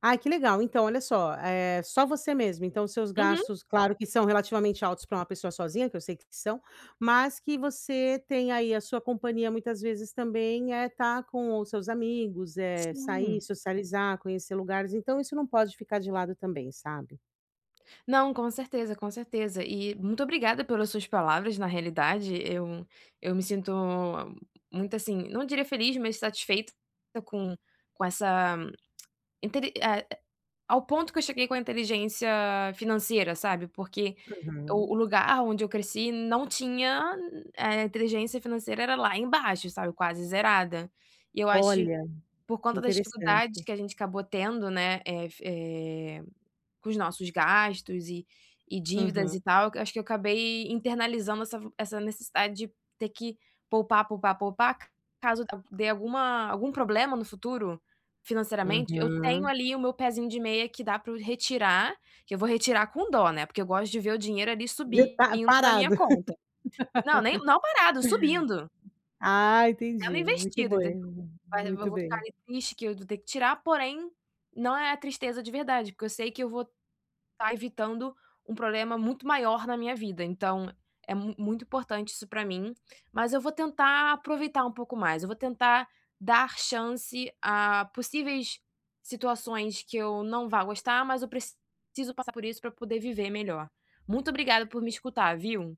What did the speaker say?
Ai, que legal! Então, olha só, é só você mesmo. Então, os seus Uhum. gastos claro, que são relativamente altos para uma pessoa sozinha, que eu sei que são, mas que você tem aí a sua companhia, muitas vezes, também, é estar com os seus amigos, eh, sair, Sim. socializar, conhecer lugares, então isso não pode ficar de lado também, sabe? Não, com certeza, com certeza. E muito obrigada pelas suas palavras. Na realidade, eu eu me sinto muito assim, não diria feliz, mas satisfeita com com essa entende, eh, a ao ponto que eu cheguei com a inteligência financeira, sabe, porque o Uhum. o lugar onde eu cresci não tinha eh, inteligência financeira era lá embaixo, sabe, quase zerada. E eu acho Olha, por que conta das dificuldades interessante. que a gente acabou tendo, né, eh, fi eh, com os nossos gastos e e dívidas Uhum. e tal, eu acho que eu acabei internalizando essa vo essa necessidade de ter que poupar, poupar, poupar, ca caso al dê alguma algum problema no futuro, financeiramente, eu tenho Uhum. ali o meu pezinho de meia que dá para eu retirar, que eu vou retirar com dó, né, porque eu gosto de ver o dinheiro ali De estar subindo na parado. minha conta. Não, nem não parado, subindo. Ah, Sendo entendi! Muito investido, bom enten is mas eu v muito vou ficar bem. ali triste que eu vou ter que tirar, porém, não é a tristeza de verdade. Porque eu sei que eu vou estar evitando um problema muito maior na minha vida, então, é mu muito importante isso para mim. Mas eu vou tentar aproveitar um pouco mais, eu vou tentar dar chance a possíveis situações que eu não vá gostar, mas eu preciso passar por isso para eu poder viver melhor. Muito obrigada por me escutar, viu.